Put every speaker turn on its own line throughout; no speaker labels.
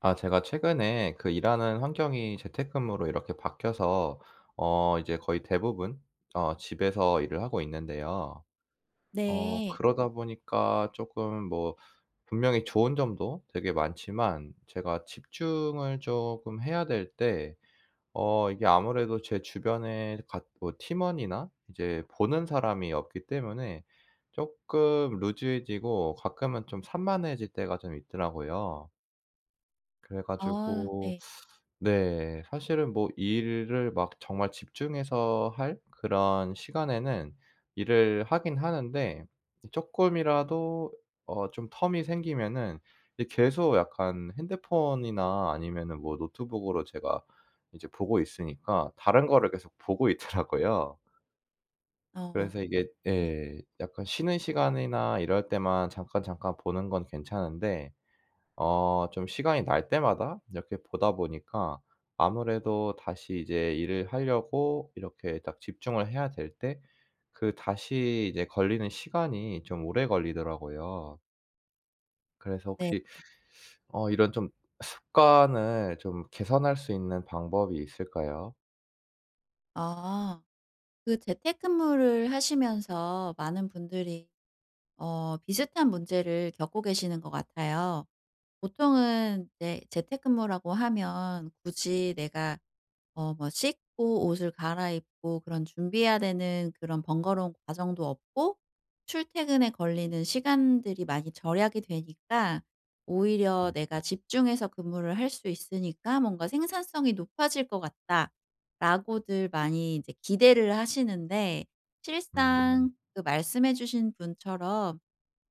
아 제가 최근에 그 일 하는 환경이 재택근무로 이렇게 바뀌어서 어 이제 거의 대부분 어 집에서 일을 하고 있는데요. 어
네.
그러다 보니까 조금 뭐 분명히 좋은 점도 되게 많지만 제가 집중을 금 해야 될 때 어 이게 아무래도 제 주변에 같 뭐 팀원이나 이제 보는 사람이 없기 때문에 쪼끔 loose해지고 가끔은 좀 산만해질 때가 좀 있더라고요. 그래
아.
가지고
네.
네 사실은 뭐 일을 막 정말 집중해서 할 그런 시간에는 일을 하긴 하는데 이 쪼끔이라도 어 좀 term이 생기면은 이 계속 약간 핸드폰이나 아니면은 뭐 노트북으로 제가 이제 보고 있으니까 다른 거를 계속 보고 있더라고요.
어, 어.
그래서 이게
네.
예 약간 쉬는 시간이나 이럴 때만 잠깐잠깐 보는 건 괜찮은데 어 좀 시간이 날 때마다 이렇게 보다 보니까 아무래도 다시 이제 일을 하려고 이렇게 딱 집중을 해야 될 때 그 다시 이제 걸리는 시간이 좀 오래 걸리더라고요. 그래서
네.
혹시 어 이런 좀 습관을 좀 개선할 수 있는 방법이 있을까요?
아. 그 재택근무를 하시면서 많은 분들이 어 비슷한 문제를 겪고 계시는 것 같아요. 보통은 네 재택근무라고 하면 '굳이 내가 어 뭐 씻고 옷을 갈아입고 그런 준비해야 되는 그런 번거로운 과정도 없고 출퇴근에 걸리는 시간들이 많이 절약이 되니까 오히려
음.
내가 집중해서 근무를 할 수 있으니까 뭔가 생산성이 높아질 것 같다.'라고들 많이 이제 기대를 하시는데
음.
실상 그 말씀해 주신 분처럼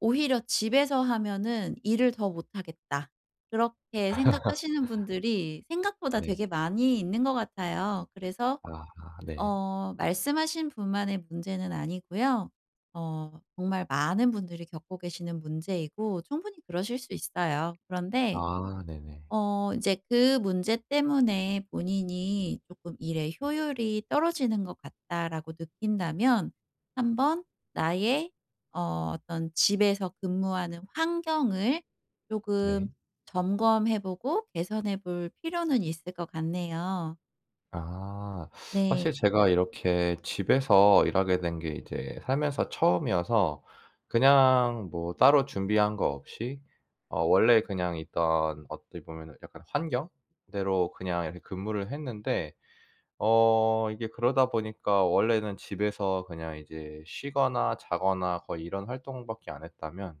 '오히려 집에서 하면은 일을 더 못하겠다.' 그렇게 생각하시는 분들이 생각보다
네.
되게 많이 있는 것 같아요. 그래서
아하. 네.
어 말씀하신 분만의 문제는 아니고요. 어 정말 많은 분들이 겪고 계시는 문제이고 충분히 그러실 수 있어요. 그런데
아 네네.
어 인제 그 문제 때문에 본인이 조금 '일의 효율이 떨어지는 것 같다.'라고 느낀다면 한번 나의 어 어떤 집에서 근무하는 환경을
네.
조금 점검해 보고 개선해 볼 필요는 있을 것 같네요.
아. 사실
네.
제가 이렇게 집에서 일하게 된 게 이제 살면서 처음이어서 그냥 뭐 따로 준비한 거 없이 어 원래 그냥 있던 어떻게 보면은 약간 환경대로 그냥 이렇게 근무를 했는데 어 이게 그러다 보니까 원래는 집에서 그냥 이제 쉬거나 자거나 거의 이런 활동밖에 안 했다면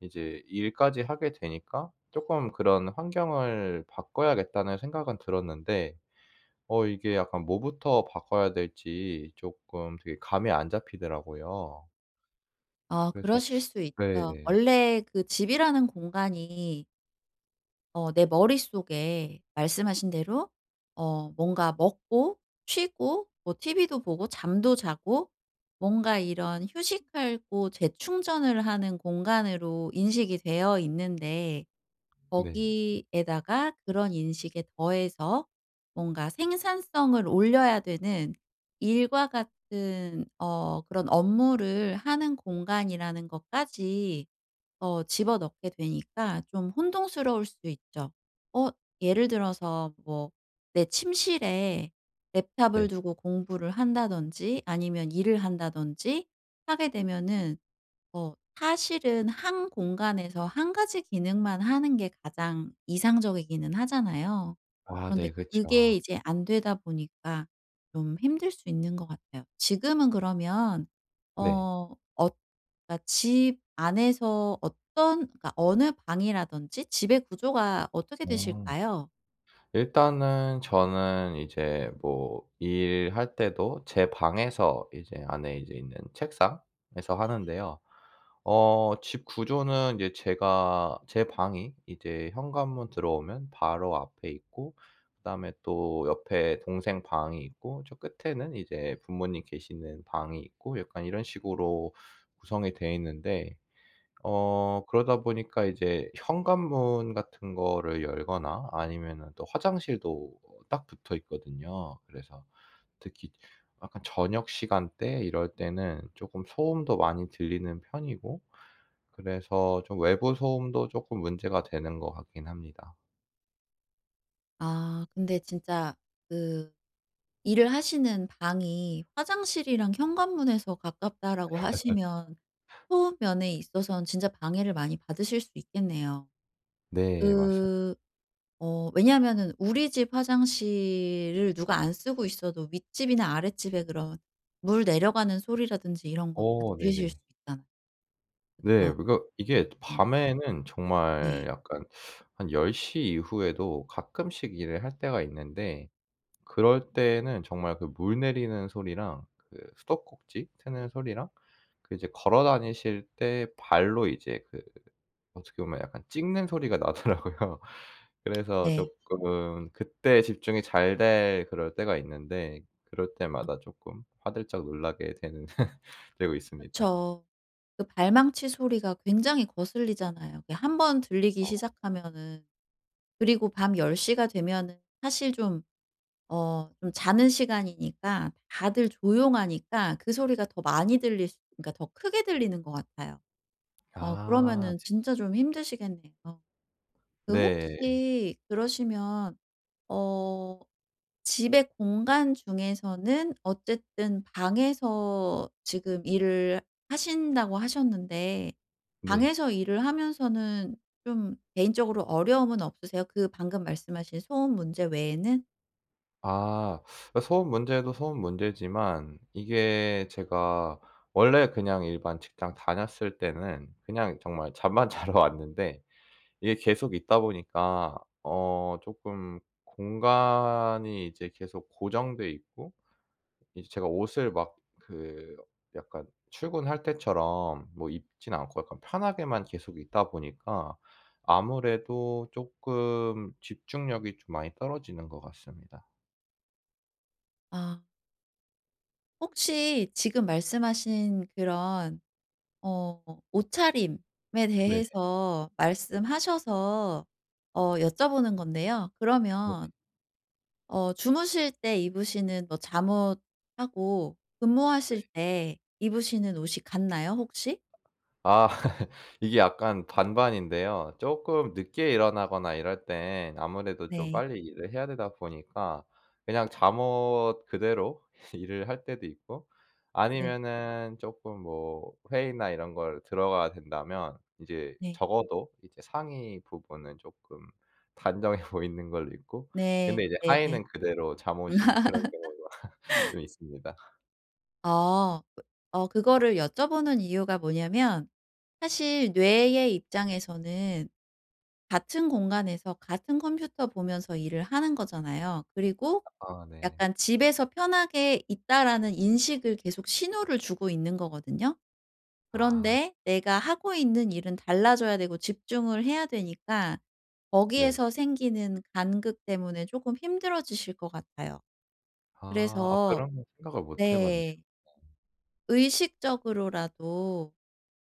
이제 일까지 하게 되니까 쪼끔 그런 '환경을 바꿔야겠다.'는 생각은 들었는데 어 이게 약간 뭐부터 바꿔야 될지 쪼끔 되게 감이 안 잡히더라고요.
어
그래서
그러실 수 있죠.
네.
원래 그 집이라는 공간이 어 내 머릿속에 말씀하신 대로 어 뭔가 먹고 쉬고 뭐 TV도 보고 잠도 자고 뭔가 이런 휴식하고 재충전을 하는 공간으로 인식이 되어 있는데
네.
거기에다가 그런 인식에 더해서 뭔가 생산성을 올려야 되는 일과 같은 어 그런 업무를 하는 공간이라는 것까지 어 집어넣게 되니까 좀 혼동스러울 수도 있죠. 어 예를 들어서 뭐 내 침실에 랩탑을
네.
두고 공부를 한다든지 아니면 일을 한다든지 하게 되면은 어 사실은 1 공간에서 1 가지 기능만 하는 게 가장 이상적이기는 하잖아요.
아
그런데
네.
그게
그쵸.
이제 안 되다 보니까 좀 힘들 수 있는 것 같아요. 지금은 그러면
네.
어 엇 그러니까 집 안에서 어떤 그러니까 어느 방이라든지 집의 구조가 어떻게
아.
되실까요?
일단은 저는 이제 뭐 일할 때도 제 방에서 이제 안에 이제 있는 책상에서 하는데요. 어 집 구조는 이제 제가 제 방이 이제 현관문 들어오면 바로 앞에 있고 그다음에 또 옆에 동생 방이 있고 저 끝에는 이제 부모님 계시는 방이 있고 약간 이런 식으로 구성이 돼 있는데 어 그러다 보니까 이제 현관문 같은 거를 열거나 아니면은 또 화장실도 어 딱 붙어 있거든요. 그래서 특히 약간 저녁 시간 때 이럴 때는 쪼끔 소음도 많이 들리는 편이고 그래서 좀 외부 소음도 쪼끔 문제가 되는 것 같긴 합니다.
아 근데 진짜 그 일을 하시는 방이 "화장실이랑 현관문에서 가깝다."라고 하시면 소음 면에 있어서는 진짜 방해를 많이 받으실 수 있겠네요.
네. 맞습
그 어 왜냐면은 우리 집 화장실을 누가 안 쓰고 있어도 윗집이나 아랫집에 그런 물 내려가는 소리라든지 이런 거 다
어.
들리실 수
네네.
있잖아
네.
어.
그러니까 이게
어.
밤에는 정말
네.
약간 한 10 시 이후에도 가끔씩 일을 할 때가 있는데 그럴 때에는 정말 그 물 내리는 소리랑 그 수도꼭지 트는 소리랑 그 이제 걸어 다니실 때 발로 이제 그 어떻게 보면 약간 찍는 소리가 나더라고요. 그래서
네.
쪼끔 그때 집중이 잘 될 그럴 때가 있는데 그럴
음.
때마다 쪼끔 화들짝 놀라게 되는 되고 있습니다.
그쵸. 그 발망치 소리가 굉장히 거슬리잖아요, 그게 1 번 들리기
어.
시작하면은. 그리고 밤 10 시가 되면은 사실 좀 어 좀 자는 시간이니까 다들 조용하니까 그 소리가 더 많이 들릴 수 그러니까 더 크게 들리는 것 같아요. 어
아.
그러면은
네.
진짜 좀 힘드시겠네요. 그
네.
혹시 그러시면 어 집의 공간 중에서는 어쨌든 방에서 지금 일을 하신다고 하셨는데
네.
방에서 일을 하면서는 좀 개인적으로 어려움은 없으세요? 그 방금 말씀하신 소음 문제 외에는?
아. 어 소음 문제도 소음 문제지만 이게 제가 원래 그냥 일반 직장 다녔을 때는 그냥 정말 잠만 자러 왔는데 이게 계속 있다 보니까 어 조금 공간이 이제 계속 고정돼 있고 이제 제가 옷을 막 그 약간 출근할 때처럼 뭐 입진 않고 약간 편하게만 계속 있다 보니까 아무래도 쪼끔 집중력이 좀 많이 떨어지는 것 같습니다.
아. 혹시 지금 말씀하신 그런 어 옷차림에
네.
대해서 말씀하셔서 어 여쭤보는 건데요.
네.
그러면 어 주무실 때 입으시는 뭐 잠옷하고
네.
근무하실 때 입으시는 옷이 같나요 혹시?
아. 이게 약간 반반인데요. 쪼끔 늦게 일어나거나 이럴 때엔 아무래도 좀
네.
빨리 일을 해야 되다 보니까 그냥 잠옷 그대로 일을 할 때도 있고
네.
아니면은 쪼끔 뭐 회의나 이런 걸 들어가야 된다면 이제
네.
적어도 이제 상의 부분은 쪼끔 단정해 보이는 걸로 입고 근데
네.
이제
네네.
하의는 그대로 잠옷인 그런 경우가 좀 있습니다.
어. 어 그거를 여쭤보는 이유가 뭐냐면 사실 뇌의 입장에서는 같은 공간에서 같은 컴퓨터 보면서 일을 하는 거잖아요. 그리고
아 네.
약간 집에서 편하게 있다라는 인식을 계속 신호를 주고 있는 거거든요.
아.
그런데 내가 하고 있는 일은 달라져야 되고 집중을 해야 되니까
네.
거기에서 생기는 간극 때문에 쪼금 힘들어지실 것 같아요.
아. 아
그래서
그런 생각을 못 해봤네요.
네.
네.
의식적으로라도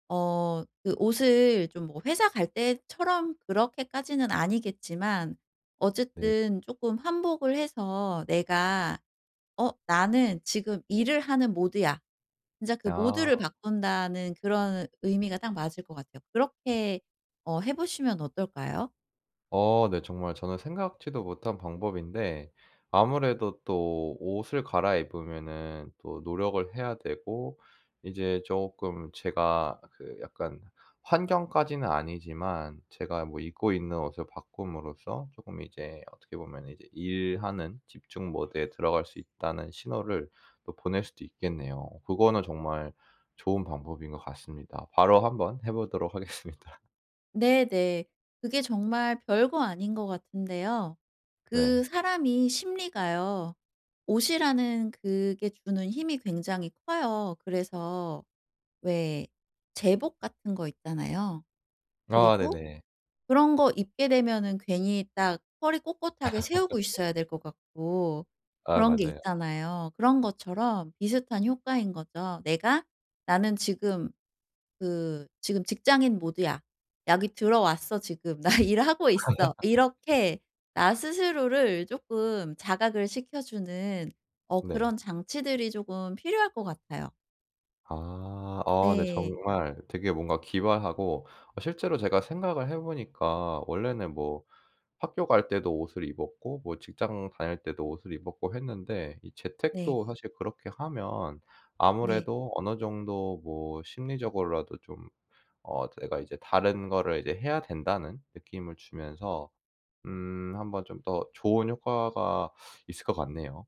어 그 옷을 좀 뭐 회사 갈 때처럼 그렇게까지는 아니겠지만
네.
어쨌든 쪼끔 환복을 해서 내가 "어! 나는 지금 일을 하는 모드야." 진짜 그
아.
모드를 바꾼다는 그런 의 의미가 딱 맞을 것 같아요. 그렇게 어 해 보시면 어떨까요?
어 네. 정말 저는 생각지도 못한 방법인데 아무래도 또 옷을 갈아입으면은 또 노력을 해야 되고 이제 쪼끔 제가 그 약간 환경까지는 아니지만 제가 뭐 입고 있는 옷을 바꿈으로써 쪼끔 이제 어떻게 보면은 이제 일하는 집중 모드에 들어갈 수 있다는 신호를 또 보낼 수도 있겠네요. 그거는 정말 좋은 방법인 것 같습니다. 바로 한번 해 보도록 하겠습니다.
네네. 그게 정말 별거 아닌 것 같은데요. 그
네.
사람이 심리가요, 옷이라는 그게 주는 힘이 굉장히 커요. 그래서 왜 제복 같은 거 있잖아요.
아
그리고
네네.
그런 거 입게 되면은 괜히 딱 허리 꼿꼿하게 세우고 있어야 될 것 같고
아
그런 게
맞아요.
있잖아요. 그런 것처럼 비슷한 효과인 거죠. "내가 나는 지금 그 지금 직장인 모드야. 여기 들어왔어 지금. 나 일하고 있어." 이렇게 나 스스로를 쪼끔 자각을 시켜주는 어
네.
그런 장치들이 쪼금 필요할 것 같아요.
아. 어 네.
네.
정말 되게 뭔가 기발하고 어 실제로 제가 생각을 해 보니까 원래는 뭐 학교 갈 때도 옷을 입었고 뭐 직장 다닐 때도 옷을 입었고 했는데 이
네.
재택도 사실 그렇게 하면
네.
아무래도 어느 정도 뭐 심리적으로라도 좀 어 제가 이제 다른 거를 이제 해야 된다는 느낌을 주면서 음 한번 좀 더 좋은 효과가 있을 것 같네요.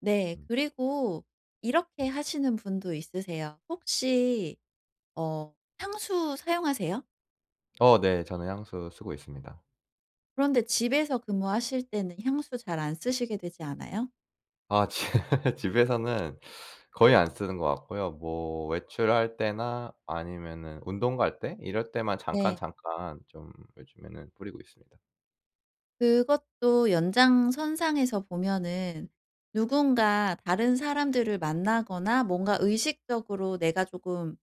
네.
음.
그리고 이렇게 하시는 분도 있으세요. 혹시 어 향수 사용하세요?
어 네. 저는 향수 쓰고 있습니다.
그런데 집에서 근무하실 때는 향수 잘 안
네.
쓰시게 되지 않아요?
아 지 집에서는 거의 안 쓰는 것 같고요. 뭐 외출할 때나 아니면은 운동 갈 때 이럴 때만
네.
잠깐잠깐 좀 요즘에는 뿌리고 있습니다.
그것도 연장선상에서 보면은 누군가 다른 사람들을 만나거나 뭔가 의식적으로 내가 쪼금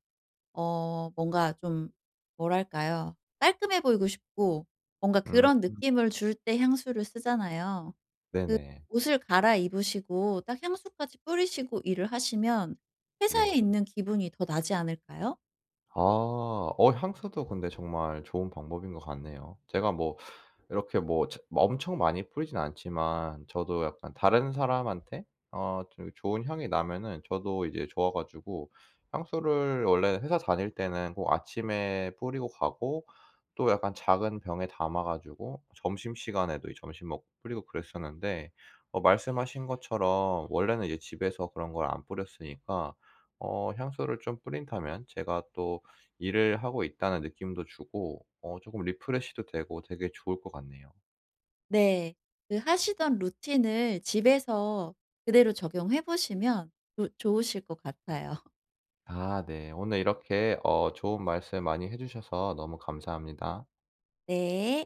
어 뭔가 좀 뭐랄까요. 깔끔해 보이고 싶고 뭔가
음.
그런 느낌을 줄 때 향수를 쓰잖아요. 그
네네.
옷을 갈아입으시고 딱 향수까지 뿌리시고 일을 하시면 회사에
네.
있는 기분이 더 나지 않을까요?
아. 어 향수도 근데 정말 좋은 방법인 것 같네요. 제가 뭐 이렇게 뭐 처 뭐 엄청 많이 뿌리진 않지만 저도 약간 다른 사람한테 어 좀 이 좋은 향이 나면은 저도 이제 좋아 가지고. 향수를 원래 회사 다닐 때는 꼭 아침에 뿌리고 가고 또 약간 작은 병에 담아 가지고 점심시간에도 이 점심 먹고 뿌리고 그랬었는데 어 말씀하신 것처럼 원래는 이제 집에서 그런 걸 안 뿌렸으니까 어 향수를 좀 뿌린다면 제가 또 일을 하고 있다는 느낌도 주고 어 쪼끔 refresh도 되고 되게 좋을 것 같네요.
네. 그 하시던 루틴을 집에서 그대로 적용해 보시면 그 좋으실 것 같아요.
아 네. 오늘 이렇게 어 좋은 말씀 많이 해 주셔서 너무 감사합니다.
네.